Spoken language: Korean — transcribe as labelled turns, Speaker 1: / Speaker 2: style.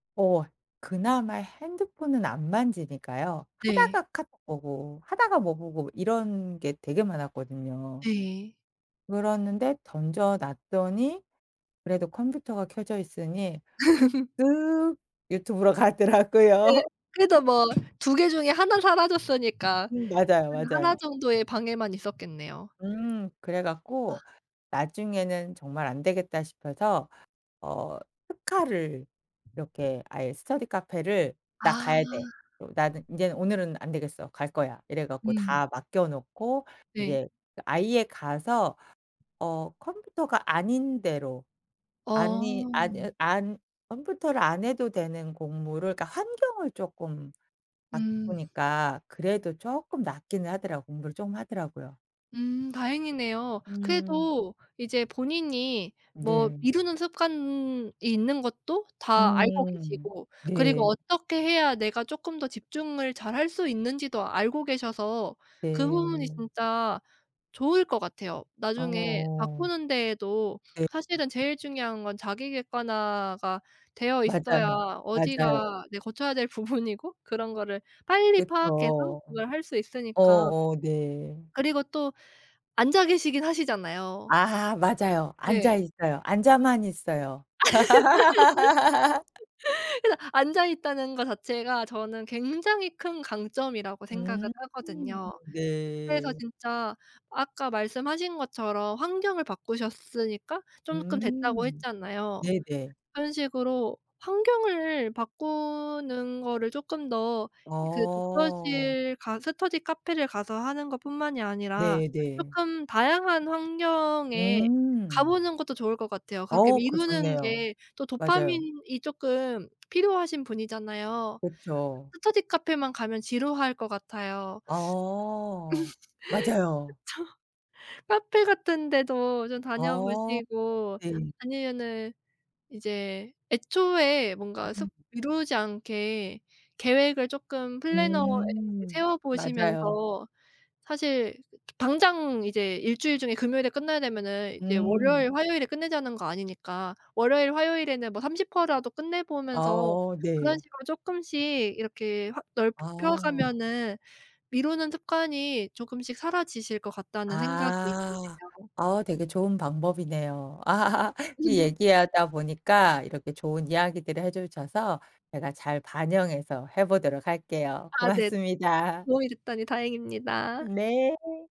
Speaker 1: 어 그나마 핸드폰은 안 만지니까요.
Speaker 2: 네.
Speaker 1: 하다가 카톡 보고 하다가 뭐 보고 이런 게 되게 많았거든요.
Speaker 2: 네.
Speaker 1: 그랬는데 던져 놨더니 그래도 컴퓨터가 켜져 있으니 슥 유튜브로
Speaker 2: 네.
Speaker 1: 가더라고요.
Speaker 2: 그래도 뭐 2 개 중에 하나는 사라졌으니까
Speaker 1: 음 맞아요,
Speaker 2: 하나 하나
Speaker 1: 맞아요.
Speaker 2: 정도의 방해만 있었겠네요.
Speaker 1: 음 그래
Speaker 2: 아.
Speaker 1: 갖고 나중에는 정말 안 되겠다 싶어서 어 특활을 이렇게 아예 스터디 카페를 "나
Speaker 2: 아.
Speaker 1: 가야 돼. 어 나는 인제 오늘은 안 되겠어 갈 거야." 이래 갖고
Speaker 2: 음.
Speaker 1: 다 맡겨 놓고
Speaker 2: 네.
Speaker 1: 이제 그 아예 가서 어 컴퓨터가 아닌 데로 아니
Speaker 2: 어.
Speaker 1: 안으 안 컴퓨터를 안 해도 되는 공부를 그러니까 환경을 쪼끔
Speaker 2: 음.
Speaker 1: 바꾸니까 그래도 쪼끔 낫기는 하더라고 공부를 좀 하더라고요.
Speaker 2: 음 다행이네요.
Speaker 1: 음.
Speaker 2: 그래도 이제 본인이 뭐
Speaker 1: 네.
Speaker 2: 미루는 습관이 있는 것도 다 알고
Speaker 1: 음
Speaker 2: 계시고 그리고
Speaker 1: 네.
Speaker 2: 어떻게 해야 내가 쪼끔 더 집중을 잘할 수 있는지도 알고 계셔서 그 부분이
Speaker 1: 네.
Speaker 2: 진짜 좋을 것 같아요. 나중에
Speaker 1: 어어어.
Speaker 2: 바꾸는 데에도
Speaker 1: 네.
Speaker 2: 사실은 제일 중요한 건 자기 객관화가 되어 있어야
Speaker 1: 맞아요. 맞아요.
Speaker 2: 어디가 이제 고쳐야 될 부분이고 그런 거를 빨리 파악해서
Speaker 1: 그쵸.
Speaker 2: 그걸 할 수 있으니까
Speaker 1: 어어 네.
Speaker 2: 그리고 또 앉아 계시긴 하시잖아요.
Speaker 1: 아 맞아요. 앉아
Speaker 2: 네.
Speaker 1: 있어요. 앉아만 있어요.
Speaker 2: 그래서 앉아 있다는 거 자체가 저는 굉장히 큰 강점이라고 생각을
Speaker 1: 음
Speaker 2: 하거든요. 그래서
Speaker 1: 네.
Speaker 2: 진짜 아까 말씀하신 것처럼 환경을 바꾸셨으니까 조금 됐다고
Speaker 1: 음
Speaker 2: 했잖아요.
Speaker 1: 네네.
Speaker 2: 그런 식으로 환경을 바꾸는 거를 쪼끔 더 그
Speaker 1: 어.
Speaker 2: 독서실 가 스터디 카페를 가서 하는 것뿐만이 아니라
Speaker 1: 네 네.
Speaker 2: 쪼끔 다양한 환경에 가
Speaker 1: 음.
Speaker 2: 보는 것도 좋을 것 같아요. 그렇게
Speaker 1: 어 그거
Speaker 2: 미루는
Speaker 1: 좋네요.
Speaker 2: 게 또
Speaker 1: 맞아요.
Speaker 2: 도파민이 쪼끔 필요하신 분이잖아요.
Speaker 1: 그쵸.
Speaker 2: 스터디 카페만 가면 지루할 것 같아요. 그쵸.
Speaker 1: 아 맞아요.
Speaker 2: 카페 같은 데도 좀 다녀
Speaker 1: 아
Speaker 2: 보시고
Speaker 1: [unintelligible] 네.
Speaker 2: 아니면은 이제 애초에 뭔가 습
Speaker 1: [unintelligible]
Speaker 2: 미루지 않게 계획을 쪼끔 플래너에
Speaker 1: 음
Speaker 2: 세워
Speaker 1: 맞아요.
Speaker 2: 보시면서 사실 당장 이제 일주일 중에 금요일에 끝나야 되면은 이제
Speaker 1: 음.
Speaker 2: 월요일, 화요일에 끝내자는 거 아니니까 월요일, 화요일에는 뭐 30% 라도 끝내
Speaker 1: 아
Speaker 2: 보면서
Speaker 1: 어
Speaker 2: 그런
Speaker 1: 네.
Speaker 2: 식으로 쪼끔씩 이렇게 확 넓혀
Speaker 1: 아.
Speaker 2: 가면은 미루는 습관이 쪼금씩 사라지실 것 같다는 생각이
Speaker 1: 아
Speaker 2: 드네요.
Speaker 1: 어 되게 좋은 방법이네요. 이 얘기 하다 보니까 이렇게 좋은 이야기들을 해 주셔서 제가 잘 반영해서 해 보도록 할게요.
Speaker 2: 아 네
Speaker 1: 고맙습니다.
Speaker 2: 도움이 됐다니 다행입니다.
Speaker 1: 네.